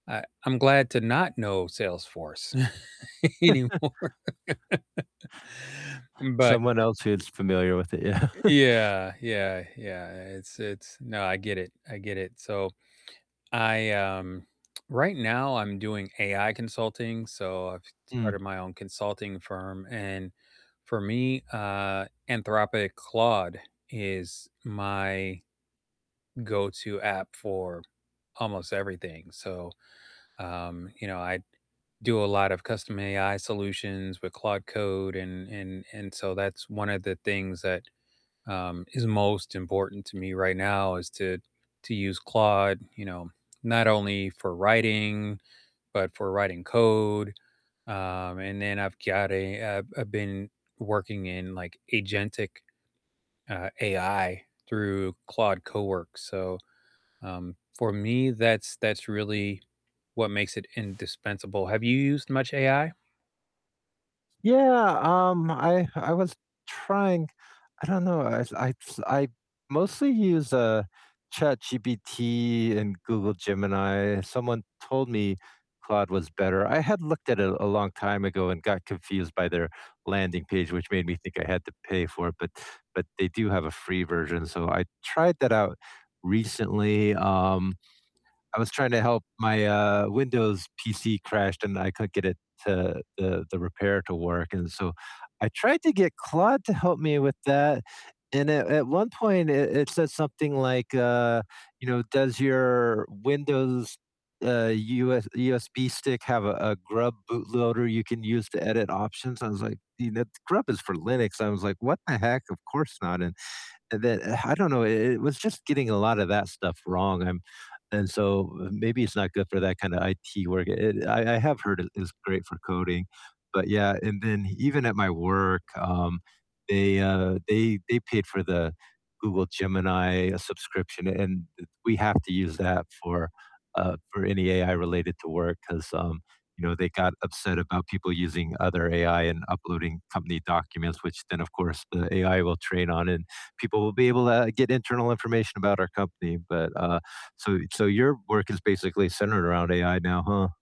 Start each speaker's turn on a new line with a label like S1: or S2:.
S1: I I'm glad to not know Salesforce anymore. But
S2: Someone else who's familiar with it. yeah.
S1: Ye yeah, yeah, yeah, it's it's no, I get it, I get it, so I, um, right now I'm doing AI consulting, so I've
S2: Mm.
S1: started my own consulting firm, and for me, uh, Anthropic Claude is my go-to app for almost everything, so, um, you know, I do a lot of custom AI solutions with Claude Code and and and so that's one of the things that, um, is most important to me right now is to to use Claude, you know, not only for writing but for writing code, um, and then I've got a, uh I've been working in, like, agentic, uh, AI through Claude Cowork, so, um, for me, that's that's really what makes it indispensable. Have you used much AI?
S2: Yeah, um, I I was trying I don't know, I I s I mostly use, uh, ChatGPT and Google Gemini, someone told me Claude was better, I had looked at it a long time ago and got confused by their landing page, which made me think I had to pay for it, but but they do have a free version, so I tried that out recently, um, I was trying to help my, uh, Windows PC crashed, and I couldn't get it to the the repair to work, and so I tried to get Claude to help me with that, and at at one point it it said something like, uh, you know, "Does your Windows, uh, US USB stick have a a GRUB bootloader you can use to edit options?" I was like, "You know, GRUB is for Linux," I was like, "What the heck? Of course not," and and then uh, I don't know, it it was just getting a lot of that stuff wrong, um, and so maybe it's not good for that kind of IT work. It I I have heard it is great for coding, but yeah, and then even at my work, um, they, uh, they they paid for the Google Gemini subscription, and we have to use that for, uh for any AI related to work 'cause, um, you know, they got upset about people using other AI and uploading company documents, which then of course the AI will train on, and people will be able to get internal information about our company, but, uh so so your work is basically centered around AI now, huh?